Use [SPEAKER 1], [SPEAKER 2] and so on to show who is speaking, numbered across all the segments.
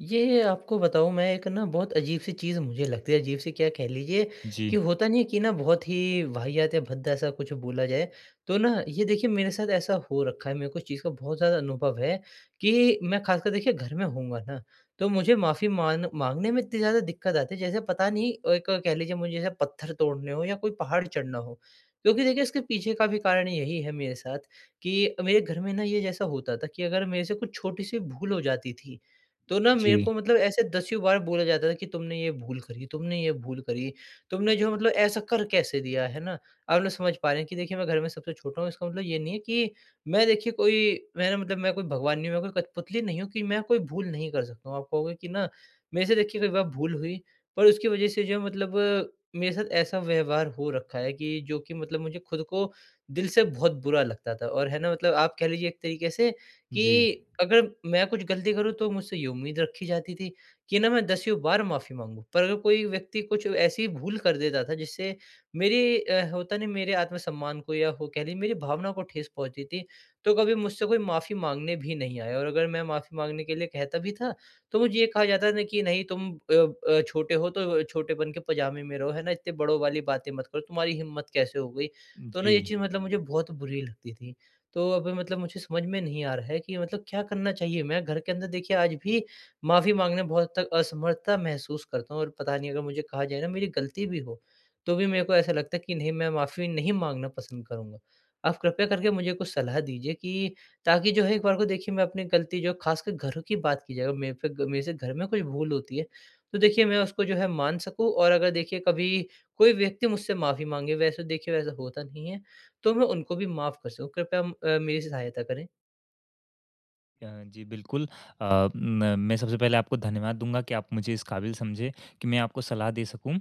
[SPEAKER 1] ये आपको बताऊँ, मैं एक ना बहुत अजीब-सी चीज़ मुझे लगती है। अजीब-सी क्या कह लीजिए कि
[SPEAKER 2] जी।
[SPEAKER 1] होता नहीं है कि ना, बहुत ही वाहियात या भद्दा-सा कुछ बोला जाए, तो ना, ये देखिए, मेरे साथ ऐसा हो रखा है। मेरे को इस चीज़ का बहुत ज़्यादा अनुभव है कि मैं खासकर, देखिए, घर में होऊँगा ना, तो मुझे माफ़ी मान माँगने में इतनी ज़्यादा दिक्कत आती है, जैसे पता नहीं, एक कह लीजिए, मुझे जैसे पत्थर तोड़ने हों या कोई पहाड़ चढ़ना हो। क्योंकि देखिए, इसके पीछे का भी कारण यही है मेरे साथ कि मेरे घर में ना, ये जैसा होता था कि अगर मेरे से कुछ छोटी-सी भूल हो जाती थी, तो ना मेरे
[SPEAKER 2] जी।
[SPEAKER 1] को मतलब ऐसे दसियों बार बोला जाता था कि, "तुमने ये भूल करी, तुमने ये भूल करी। तुमने जो है, मतलब ऐसा कर कैसे दिया?" है ना? आप लोग समझ पा रहे हैं कि देखिए, मैं घर में सबसे छोटा हूँ, इसका मतलब ये नहीं है कि मैं देखिए, कोई मैं ना मतलब मैं कोई भगवान नहीं हूँ, मैं कोई कठपुतली नहीं हूँ कि मैं कोई भूल नहीं कर सकता हूँ। आप कहोगे कि ना, मेरे से देखिए कई बार भूल हुई, पर उसकी वजह से जो है, मतलब मेरे साथ ऐसा व्यवहार हो रखा है कि जो कि मतलब मुझे खुद को दिल से बहुत बुरा लगता था और है ना, मतलब आप कह लीजिए एक तरीके से
[SPEAKER 2] जी।
[SPEAKER 1] कि अगर मैं कुछ गलती करूँ, तो मुझसे ये उम्मीद रखी जाती थी कि ना, मैं दसियों बार माफ़ी माँगूँ। पर अगर कोई व्यक्ति कुछ ऐसी भूल कर देता था, जिससे मेरी अ, होता नहीं, मेरे आत्मसम्मान को या हो कह लीजिए, मेरी भावनाओं को ठेस पहुँचती थी, तो कभी मुझसे कोई माफ़ी माँगने भी नहीं आया और अगर मैं माफ़ी माँगने के लिए कहता भी था, तो मुझे ये कहा जाता था कि, "नहीं, तुम अ अ, छोटे हो, तो छोटेपन के पजामे में रहो।" है ना? "इतने बड़ों वाली बातें मत करो। तुम्हारी हिम्मत कैसे हो गई?" तो ना, ये
[SPEAKER 2] जी।
[SPEAKER 1] चीज़ मतलब मुझे बहुत बुरी लगती थी। तो अभी मतलब मुझे समझ में नहीं आ रहा है कि मतलब क्या करना चाहिए। मैं घर के अंदर, देखिए, आज भी माफ़ी माँगने में बहुत हद तक असमर्थता महसूस करता हूँ और पता नहीं, अगर मुझे कहा जाए ना, मेरी गलती भी हो, तो भी मेरे को ऐसा लगता है कि नहीं, मैं माफ़ी नहीं माँगना पसंद करूँगा। आप कृपया करके मुझे कुछ सलाह दीजिए कि ताकि जो है, एक बार को देखिए, मैं अपनी गलती जो है, खासकर घरों की बात की जाए, अगर मेरे पे ग मेरे से घर में कुछ भूल होती है, तो देखिए, मैं उसको जो है, मान सकूँ और अगर देखिए, कभी कोई व्यक्ति मुझसे माफ़ी माँगे, वैसे देखिए वैसा होता नहीं है, तो मैं उनको भी माफ़ कर सकूँ। कृपया म अ, मेरी सी सहायता करें।
[SPEAKER 2] अ, जी, बिल्कुल। अ, म मैं सबसे पहले आपको धन्यवाद दूँगा कि आप मुझे इस क़ाबिल समझे कि मैं आपको सलाह दे सकूँ।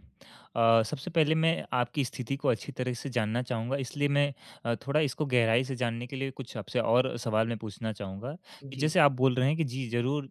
[SPEAKER 2] अ, सबसे पहले मैं आपकी स्थिति को अच्छी तरह से जानना चाहूँगा इसलिए मैं अ, थोड़ा इसको गहराई से जानने के लिए कुछ आपसे और सवाल मैं पूछना चाहूँगा, कि
[SPEAKER 1] जी।
[SPEAKER 2] जैसे आप बोल रहे हैं कि जी ज़रूर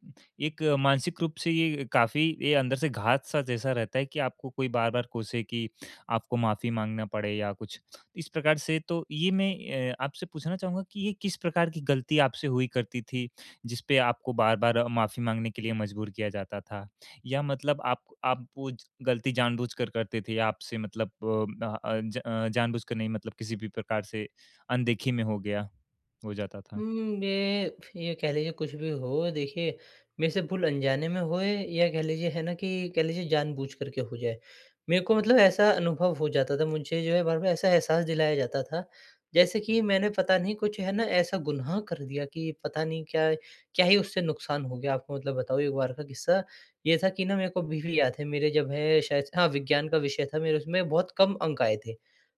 [SPEAKER 2] एक मानसिक रूप से ये काफ़ी ये अंदर से घात-सा जैसा रहता है कि आपको कोई बार-बार कोसे, कि आपको माफ़ी माँगना पड़े या कुछ। इस प्रकार से तो ये मैं अ, आपसे पूछना चाहूँगा कि ये किस प्रकार की गलती आपसे हुई करती थी, जिसपे आपको बार-बार माफ़ी माँगने के लिए मज़बूर किया जाता था? या मतलब आप आप वो गलती जानबूझकर करते थे? या आपसे मतलब प अ अंज अं जानबूझकर नहीं मतलब किसी भी प्रकार से अनदेखी में हो गया हो जाता था?
[SPEAKER 1] उम्म, मे फ ये कह लीजिए कुछ भी हो, देखिए मेरे से भूल अनजाने में होए या कह लीजिए है ना, कि कह लीजिए जानबूझ कर के हो जाए। मेरे को मतलब ऐसा अनुभव हो जाता था मुझे जो है बार-बार ऐसा एहसास दिलाया जाता था, जैसे कि मैंने पता नहीं कुछ है ना ऐसा गुनाह कर दिया कि पता नहीं क्या, क्या ही उससे नुकसान हो गया, आपको मतलब बताऊँ एक बार का किस्सा। ये था कि ना मेरे को अभी भी याद है, मेरे जब है शायद हाँ, विज्ञान का विषय था मेरे उसमें बहुत कम अंक आए थे।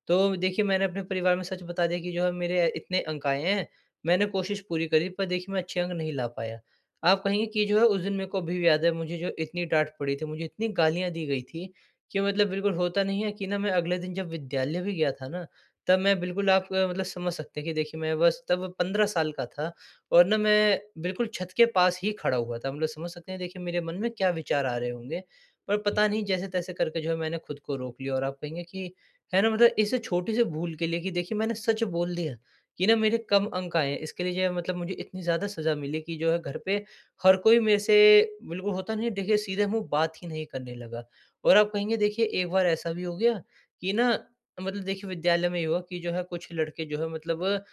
[SPEAKER 1] तो देखिए मैंने अपने परिवार में सच बता दिया कि जो है मेरे इतने अंक आए हैं, मैंने कोशिश पूरी करी पर देखिए मैं अच्छे अंक नहीं ला पाया। आप कहेंगे कि जो है उस दिन मेरे को अभी भी याद है मुझे जो इतनी डाँट पड़ी थी, मुझे इतनी गालियाँ दी गई थीं, कि मतलब बिल्कुल होता नहीं है कि ना मैं अगले दिन जब विद्यालय भी गया था ना तब मैं बिल्कुल आप अ, मतलब समझ सकते हैं कि देखिए मैं बस तब 15 साल का था और ना मैं बिल्कुल छत के पास ही खड़ा हुआ था। मतलब समझ सकते हैं देखिए मेरे मन में क्या विचार आ रहे होंगे, पर पता नहीं जैसे-तैसे करके जो है मैंने खुद को रोक लिया। और आप कहेंगे कि, है ना मतलब इस छोटी सी भूल के लिए कि देखिए मैंने सच बोल दिया कि ना मेरे कम अंक आए हैं, इसके लिए जो है मतलब मुझे इतनी ज़्यादा सज़ा मिली कि जो है घर पे हर कोई मेरे से बिल्कुल होता नहीं है देखिए सीधे मुँह बात ही नहीं करने लगा। और आप कहेंगे देखिए एक बार ऐसा भी हो गया, कि ना मतलब देखिए विद्यालय में ये हुआ कि जो है कुछ लड़के जो है मतलब अ,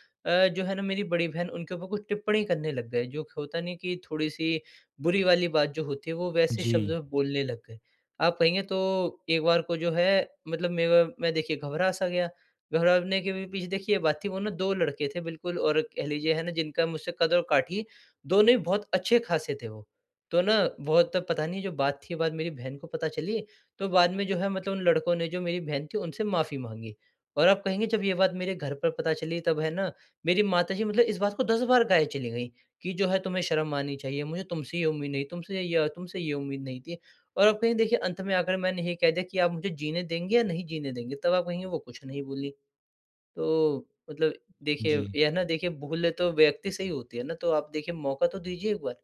[SPEAKER 1] जो है न मेरी बड़ी बहन उनके ऊपर कुछ टिप्पणी करने लग गए। जो की होता नहीं कि थोड़ी सी बुरी वाली बात जो होती है, वो वैसे शब्द
[SPEAKER 2] जी।
[SPEAKER 1] में बोलने लग गए। आप कहेंगे तो एक बार को जो है मतलब मेरा मैं देखिए घबरा सा गया, घबराने के भी पीछे देखिए ये बात थी वो ना दो लड़के थे बिल्कुल और कह लीजिए है ना जिनका मुझसे कद और काठी दोनों ही बहुत अच्छे खासे थे वो। तो ना बहुत तब पता नहीं जो बात थी बाद मेरी बहन को पता चली, तो बाद में जो है मतलब उन लडकों ने जो मेरी बहन थी उनसे माफ़ी माँगी। और आप कहेंगे जब ये बात मेरे घर पर पता चली तब है ना, मेरी माता जी मतलब इस बात को 10 बार गाये चली गई कि जो है तुम्हें शर्म आनी चाहिए, मुझे तुमसे ये उम्मीद नहीं, तुमसे य तुमसे ये उम्मीद नहीं थी। और अब कहेंगे देखिए अंत में आकर मैंने ये कह दिया कि आप मुझे जीने देंगे या नहीं जीने देंगे, तब आप कहेंगे वो कुछ नहीं बोलीं। तो मतलब देखिए
[SPEAKER 2] जी।
[SPEAKER 1] ये है ना देखिए भूल तो व्यक्ति से ही होती है ना, तो आप देखिए मौक़ा तो दीजिए एक बार।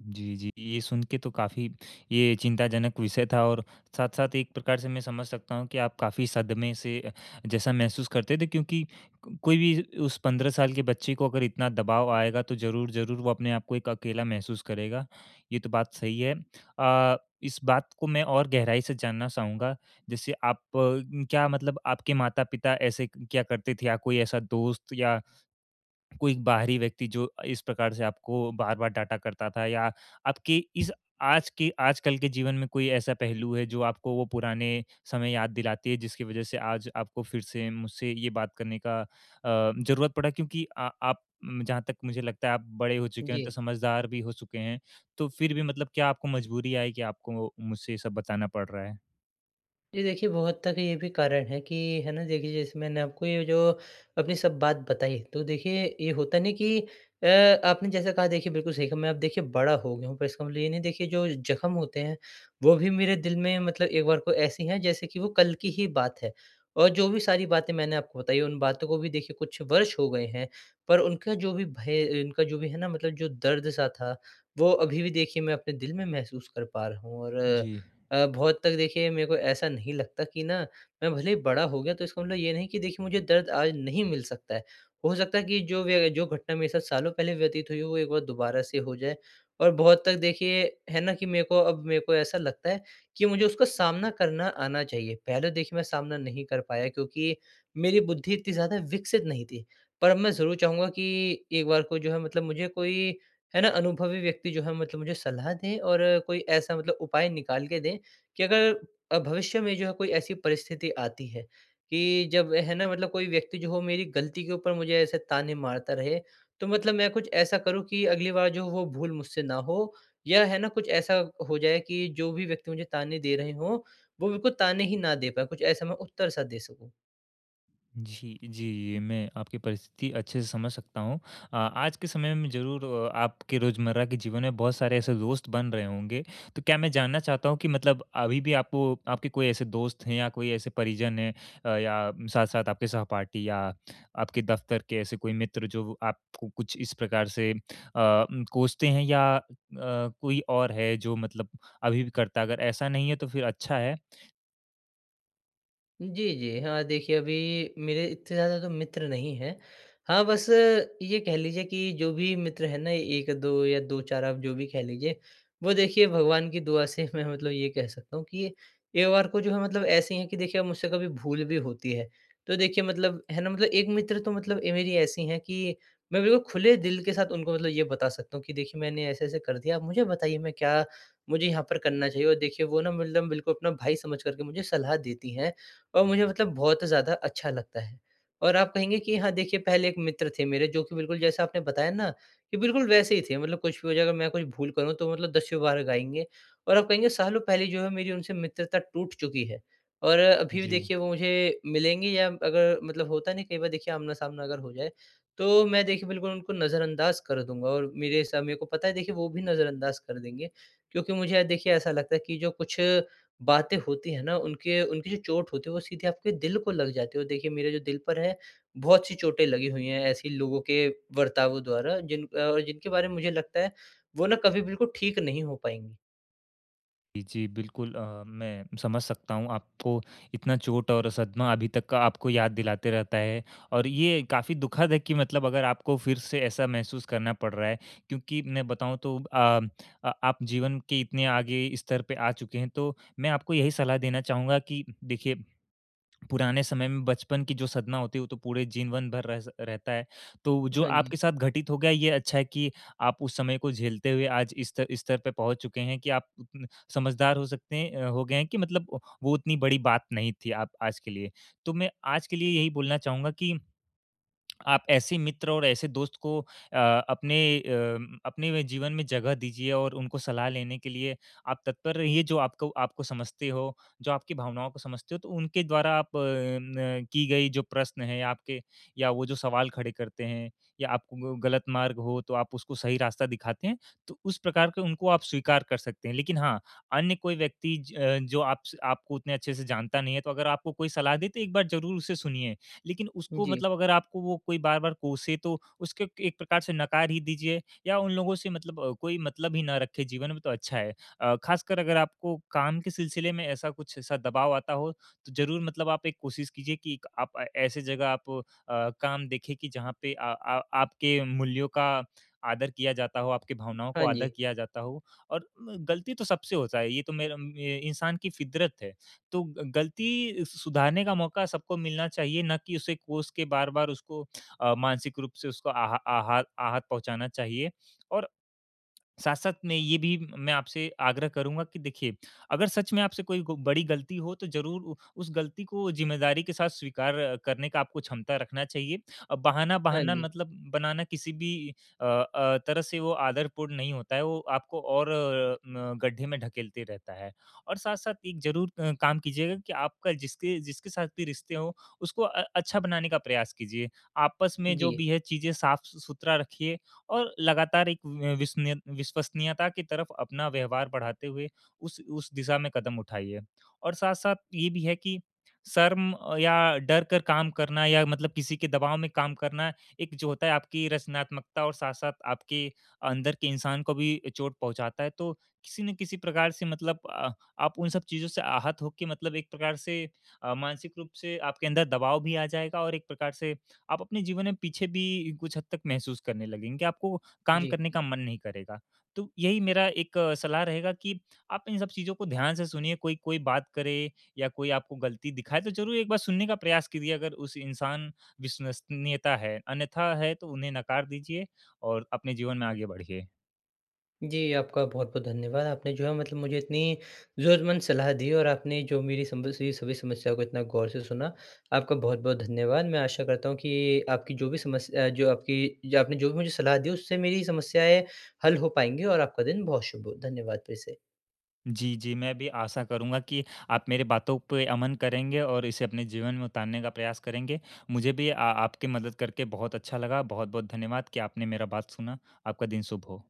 [SPEAKER 2] जी, जी ये सुन के तो काफ़ी ये चिंताजनक विषय था और साथ-साथ एक प्रकार से मैं समझ सकता हूँ कि आप काफ़ी सदमे से जैसा महसूस करते थे क्योंकि को कोई भी उस 15 साल के बच्चे को अगर इतना दबाव आएगा तो ज़रूर-ज़रूर वो अपने आप को एक अकेला महसूस करेगा, ये तो बात सही है। अ, इस बात को मैं और गहराई से जानना चाहूँगा जैसे आप क्या मतलब आपके माता-पिता ऐसे क्या करते थे या कोई ऐसा दोस्त या कोई बाहरी व्यक्ति जो इस प्रकार से आपको बार-बार डांटा करता था या आपकी इस आज के आजकल के जीवन में कोई ऐसा पहलू है जो आपको वो पुराने समय याद दिलाती है? जिसकी वजह से आज आपको फिर से मुझसे ये बात करने का अ, ज़रूरत पड़ा क्योंकि अ, आप जहाँ तक मुझे लगता है आप बड़े हो चुके हैं तो
[SPEAKER 1] जी।
[SPEAKER 2] समझदार भी हो चुके हैं। तो फिर भी मतलब क्या आपको मजबूरी आई की आपको मुझसे ये सब बताना पड़ रहा है?
[SPEAKER 1] ये देखिए, बहुत तक अभी ये भी कारण है कि है ना देखिए जैसे मैंने आपको ये जो अपनी सब बात बताई तो देखिए ये होता नहीं कि अ, आपने जैसा कहा देखिए बिल्कुल सही कहा मैं अब देखिए बड़ा हो गया हूँ। पर इसका मतलब ये नहीं देखिए जो ज़ख्म होते हैं वो भी मेरे दिल में मतलब एक बार कोई ऐसी हैं जैसे कि वो कल की ही बात है। और जो भी सारी बातें मैंने आपको बताई उन बातों को भी देखिए कुछ वर्ष हो गए हैं। पर उनका जो भी भय अ, उनका जो भी है ना मतलब जो दर्द-सा था वो अभी भी देखिए मैं अपने दिल में महसूस कर पा रहा हूँ। और
[SPEAKER 2] जी।
[SPEAKER 1] अ, बहुत तक देखिए मेरे को ऐसा नहीं लगता कि न मैं भले ही बड़ा हो गया तो इसका मतलब ये नहीं कि देखिए मुझे दर्द आज नहीं मिल सकता है। हो सकता है कि जो व्यय जो घटना मेरे साथ सालों पहले व्यतीत हुई है वो एक बार दोबारा से हो जाए। और बहुत तक देखिए है न कि मेरे को अब मेरे को ऐसा लगता है कि मुझे उसका सामना करना आना चाहिए। पहले देखिए मैं सामना नहीं कर पाया क्योंकि मेरी बुद्धि इतनी ज़्यादा विकसित नहीं थी। पर अब मैं ज़रूर चाहूँगा कि एक बार कोई जो है मतलब मुझे कोई है न अनुभवी व्यक्ति जो है मतलब मुझे सलाह दें। और कोई ऐसा मतलब उपाय निकाल के दें कि अगर भविष्य में जो है कोई ऐसी परिस्थिति आती है कि जब है न मतलब कोई व्यक्ति जो हो मेरी गलती के ऊपर मुझे ऐसे ताने मारता रहे। तो मतलब मैं कुछ ऐसा करूँ कि अगली बार जो वो भूल मुझसे न हो या है न कुछ ऐसा हो जाए कि जो भी व्यक्ति मुझे ताने दे रहे हो वो मेरे को ताने ही न दे पाएँ कुछ ऐसा मैं उत्तर-सा दे सकूँ।
[SPEAKER 2] जी, जी, मैं आपकी परिस्थिति अच्छे से समझ सकता हूँ। अ, आज के समय में ज़रूर आपके रोज़मर्रा के जीवन में बहुत सारे ऐसे दोस्त बन रहे होंगे। तो क्या मैं जानना चाहता हूँ कि मतलब अभी भी आप आपके कोई ऐसे दोस्त हैं या कोई ऐसे परिजन हैं अ, या साथ-साथ आपके सहपाठी या आपके दफ़्तर के ऐसे कोई मित्र, जो व आपको कुछ इस प्रकार से अम, कोसते हैं या अ, कोई और है, जो मतलब अभी भी करता है? अगर ऐसा नहीं है, तो फिर अच्छा है।
[SPEAKER 1] जी, जी। हाँ, देखिए, अभी मेरे इतने ज़्यादा तो मित्र नहीं है। हाँ, बस अ, ये कह लीजिए कि जो भी मित्र है ना, 1-2 या 2-4, आप जो भी कह लीजिए, वो देखिए भगवान की दुआ से मैं मतलब ये कह सकता हूँ कि ये एक बार को जो है, मतलब ऐसी हैं कि देखिए, अब मुझसे कभी भूल भी होती है, तो देखिए, मतलब है ना, मतलब एक मित्र तो मतलब ए मेरी ऐसी हैं कि मैं बिल्कुल खुले दिल के साथ उनको मतलब ये बता सकता हूँ कि, "देखिए, मैंने ऐसे-ऐसे कर दिया, अब मुझे बताइए, मैं क्या मुझे यहाँ पर करना चाहिए?" और देखिए, वो ना मतलब बिल्कुल अपना भाई समझ कर के मुझे सलाह देती हैं और मुझे मतलब बहुत ज़्यादा अच्छा लगता है और आप कहेंगे कि हाँ, देखिए, पहले एक मित्र थे मेरे, जो कि बिल्कुल जैसा आपने बताया ना, कि बिल्कुल वैसे ही थे। मतलब कुछ भी हो जाए, अगर मैं कुछ भूल करूँ, तो मतलब दसियों बार गाएँगे और आप कहेंगे सालों पहले जो है, मेरी उनसे मित्रता टूट चुकी है और अभी भी
[SPEAKER 2] जी।
[SPEAKER 1] देखिए, वो मुझे मिलेंगे या अगर मतलब होता है ना, कई बार देखिए आमना-सामना अगर हो जाए, तो मैं, देखिए, बिल्कुल उनको नज़रअंदाज़ कर दूँगा और मेरे सा मेरे को पता है, देखिये, वो भी नज़रअंदाज़ कर देंगे। क्योंकि मुझे अ, देखिये, ऐसा लगता है कि जो कुछ बातें होती हैं ना, उनके उनकी जो चोट होती है, वो सीधे आपके दिल को लग जाती है और देखिए, मेरे जो दिल पर है, बहुत-सी चोटे लगी हुई हैं ऐसी लोगों के बर्तावों द्वारा, जिन अ, जिनके बारे में मुझे लगता है, वो ना कभी बिल्कुल ठीक नहीं हो पाएँगी।
[SPEAKER 2] जी, जी। बिल्कुल अ, मैं समझ सकता हूँ आपको। इतना चोट और सदमा अभी तक का आपको याद दिलाते रहता है और ये काफ़ी दुखद है कि मतलब अगर आपको फिर से ऐसा महसूस करना पड़ रहा है, क्योंकि मैं बताऊँ, तो अ अ, आप जीवन के इतने आगे स्तर पे आ चुके हैं, तो मैं आपको यही सलाह देना चाहूँगा कि देखिए, पुराने समय में बचपन की जो सदमा होती है, वो तो पूरे जीवन भर रहता स रहता है। तो जो
[SPEAKER 1] हाँ जी।
[SPEAKER 2] आपके साथ घटित हो गया, ये अच्छा है कि आप उस समय को झेलते हुए, आज इस स्तर इस स्तर पे पहुँच चुके हैं कि आप समझदार हो सकते हैं अ, हो गए हैं कि मतलब वो उतनी बड़ी बात नहीं थी आप आज के लिए। तो मैं आज के लिए यही बोलना चाहूँगा कि आप ऐसी मित्र और ऐसे दोस्त को अ, अपने अ, अपने वे जीवन में जगह दीजिए और उनको सलाह लेने के लिए आप तत्पर रहिए, जो आपको आपको समझती हो, जो आपकी भावनाओं को समझते हों, तो उनके द्वारा आप न की गई जो प्रश्न है आपके या वो जो सवाल खड़े करते हैं या आपको ग गलत मार्ग हो, तो आप उसको सही रास्ता दिखाते हैं, तो उस प्रकार का उनको आप स्वीकार कर सकते हैं। लेकिन हाँ, अन्य कोई व्यक्ति ज जो आप से आपको उतने अच्छे से जानता नहीं है, तो अगर आपको कोई सलाह दे, तो एक बार ज़रूर उसे सुनिए। लेकिन उसको
[SPEAKER 1] जी।
[SPEAKER 2] मतलब अगर आपको वो कोई बार-बार कोसे, तो उसको एक प्रकार से नकार ही दीजिए या उन लोगों से मतलब कोई मतलब ही ना रखें जीवन में, तो अच्छा है। अ, ख़ासकर अगर आपको काम के सिलसिले में ऐसा कुछ ऐसा दबाव आता हो, तो ज़रूर मतलब आप एक कोशिश कीजिए कि एक आप अ, ऐसी जगह आप अ, काम देखें कि जहाँ पे आ आ आपके मूल्यों का आदर किया जाता हो, आपकी भावनाओं को
[SPEAKER 1] हाँ
[SPEAKER 2] आदर
[SPEAKER 1] जी।
[SPEAKER 2] किया जाता हो और म गलती तो सबसे होता है, ये तो मेरा ये इंसान की फ़ितरत है। तो ग गलती सु सुधारने का मौका सबको मिलना चाहिए, ना कि उसे कोस के बार-बार उसको अ, मानसिक रूप से उसको आह आहात आहत पहुँचाना चाहिए और साथ-साथ में ये भी मैं आपसे आग्रह करूँगा कि देखिए, अगर सच में आपसे कोई को बड़ी गलती हो, तो ज़रूर उ उस गलती को ज़िम्मेदारी के साथ स्वीकार करने का आपको क्षमता रखना चाहिए। अ, बहाना
[SPEAKER 1] हाँ
[SPEAKER 2] बहाना
[SPEAKER 1] जी।
[SPEAKER 2] मतलब बनाना किसी भी अ अ, तरह से वो आदरपूर्ण नहीं होता है, वो आपको और अ, न गड्ढे में ढकेलते रहता है और साथ-साथ एक ज़रूर अ, काम कीजिएगा कि आपका जिसके जिसके साथ भी रिश्ते हों, उसको अ, अच्छा बनाने का प्रयास कीजिए। आपस में जो
[SPEAKER 1] जी।
[SPEAKER 2] भी है, चीज़ें साफ़ सु सुथरा रखिए और लगातार एक अ, विशनीय विश्वसनीयता की तरफ अपना व्यवहार बढ़ाते हुए, उस उस दिशा में कदम उठाइए। और साथ-साथ ये भी है कि शर्म अ, या डर कर काम करना या मतलब किसी के दबाव में काम करना, एक जो होता है, आपकी रचनात्मकता और साथ-साथ आपके अंदर के इंसान को भी ए चोट पहुँचाता है, तो किसी न किसी प्रकार से मतलब अ, आप उन सब चीज़ों से आहत हो के मतलब एक प्रकार से अ, मानसिक रूप से आपके अंदर दबाव भी आ जाएगा। और एक प्रकार से आप अपने जीवन में पीछे भी कुछ हद तक महसूस करने लगेंगे कि आपको काम
[SPEAKER 1] जी।
[SPEAKER 2] करने का मन नहीं करेगा। तो यही मेरा एक सलाह रहेगा कि आप इन सब चीज़ों को ध्यान से सुनिए, कोई कोई बात करे या कोई आपको गलती दिखाए, तो ज़रूर एक बार सुनने का प्रयास कीजिए, अगर उस इंसान विश्वसनीयता है। अन्यथा है, तो उन्हें नकार दीजिए और अपने जीवन में आगे बढ़िए।
[SPEAKER 1] जी, आपका बहुत-बहुत धन्यवाद। आपने जो है, मतलब मुझे इतनी ज़रूरतमंद सलाह दी और आपने जो मेरी सिम्पल सी सभी समस्याओं को इतना गौर से सुना, आपका बहुत-बहुत धन्यवाद। मैं आशा करता हूँ कि आपकी जो भी समस अ, जो आपकी जो आपने जो भी मुझे सलाह दी, उससे मेरी समस्याएँ हल हो पाएँगी और आपका दिन बहुत शुभ हो। धन्यवाद फिर से।
[SPEAKER 2] जी, जी। मैं भी आशा करूँगा कि आप मेरी बातों पे अमन करेंगे और इसे अपने जीवन में उतारने का प्रयास करेंगे। मुझे भी अ, आपकी मदद करके बहुत अच्छा लगा। बहुत-बहुत धन्यवाद कि आपने मेरा बात सुना। आपका दिन शुभ हो।